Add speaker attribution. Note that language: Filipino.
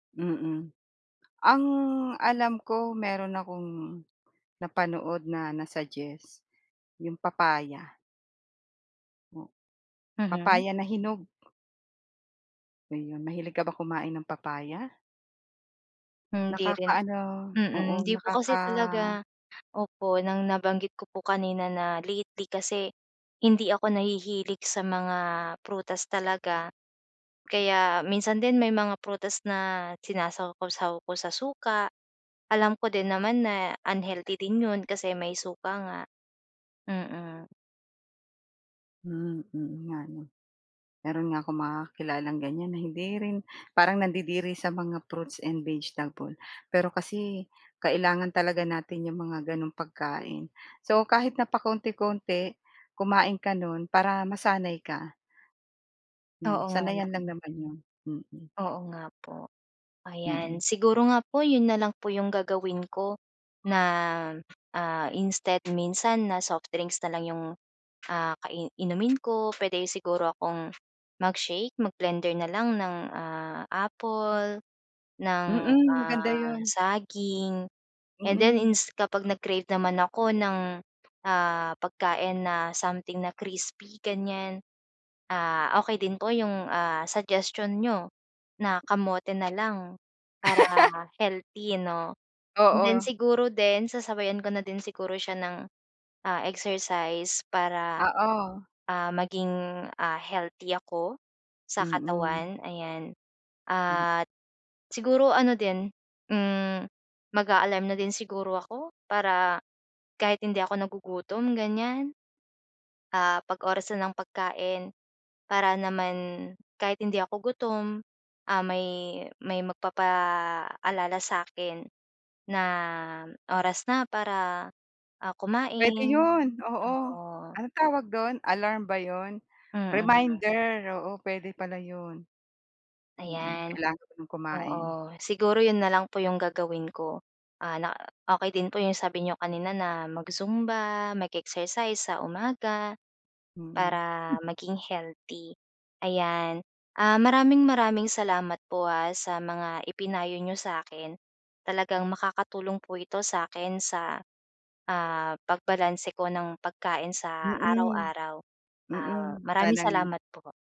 Speaker 1: Mm. Ang alam ko meron akong napanood na na-suggest, 'yong papaya. Oh.
Speaker 2: Mhm.
Speaker 1: Papaya na hinog. Ayun, mahilig ka ba kumain ng papaya?
Speaker 2: Hindi rin
Speaker 1: Nakaka-ano, oo,
Speaker 2: mm. Hindi po
Speaker 1: nakaka
Speaker 2: kasi talaga. Opo, nang nabanggit ko po kanina na lately kasi, hindi ako nahihilig sa mga prutas talaga. Kaya minsan din may mga prutas na sinasawsaw ko sa suka, alam ko din naman na unhealthy din 'yon kasi may suka nga. Mm.
Speaker 1: Hmm. Oo nga ano. Meron nga akong mga kakilalang ganyan na hindi rin parang nandidiri sa mga fruits and vegetable, pero kasi kailangan talaga natin 'yong mga gano'n pagkain. So, kahit na pakonti-konti, kumain ka no'n para masanay ka. Hmm,
Speaker 2: Oo, nga
Speaker 1: sanayan lang
Speaker 2: lang.
Speaker 1: naman 'yan. Mhm.
Speaker 2: Oo, nga po.
Speaker 1: Mm.
Speaker 2: Ayan siguro nga po, 'yon na lang po yung gagawin ko, na ah, instead minsan na soft drinks na lang 'yong ah, ka inumin ko, pwede siguro akong mag-shake, mag-blender na lang ng ah, apple, ng
Speaker 1: Mm, maganda
Speaker 2: ah,
Speaker 1: yun.
Speaker 2: saging, and then
Speaker 1: Mm.
Speaker 2: ins kapag nag-crave naman ako ng ah, pagkain na something na crispy ganyan ah, okey din po yung ah suggestion niyo na kamote na lang para healthy 'no. And then
Speaker 1: Oo.
Speaker 2: siguro din sasabayan ko na din siguro siya ng, ah, exercise para,
Speaker 1: Oo.
Speaker 2: ah, maging ah, healthy ako sa
Speaker 1: Mm.
Speaker 2: katawan ayan.
Speaker 1: Hmm.
Speaker 2: At siguro ano din, hmm, mag-a-alarm na din siguro ako para kahit hindi ako nagugutom ganyan, ah, 'pag oras na ng pagkain para naman kahit hindi ako gutom, ah, may may magpapaalala sa'kin na oras na para, ah,
Speaker 1: Puwede
Speaker 2: kumain.
Speaker 1: 'yon. Oo,
Speaker 2: Oo.
Speaker 1: anong tawag do'n, alarm ba 'yon?
Speaker 2: Mm.
Speaker 1: Reminder. Oo, puwede pala 'yon. Mm,
Speaker 2: Ayan.
Speaker 1: kailangan kong kumain.
Speaker 2: Oo, siguro yun na lang po yung gagawin ko. Ah, na okey din po yung sabi n'yo kanina na mag-zumba, mag-exercise sa umaga,
Speaker 1: Mm.
Speaker 2: para maging healthy. Ayan, ah, maraming-maraming salamat po ah, sa mga ipinayo niyo sa'kin talagang makakatulong po ito sa'kin sa ah, pagbalanse ko ng pagkain sa
Speaker 1: Mm.
Speaker 2: araw-araw. Ah,
Speaker 1: Mm,
Speaker 2: maraming
Speaker 1: sana nga.
Speaker 2: salamat po.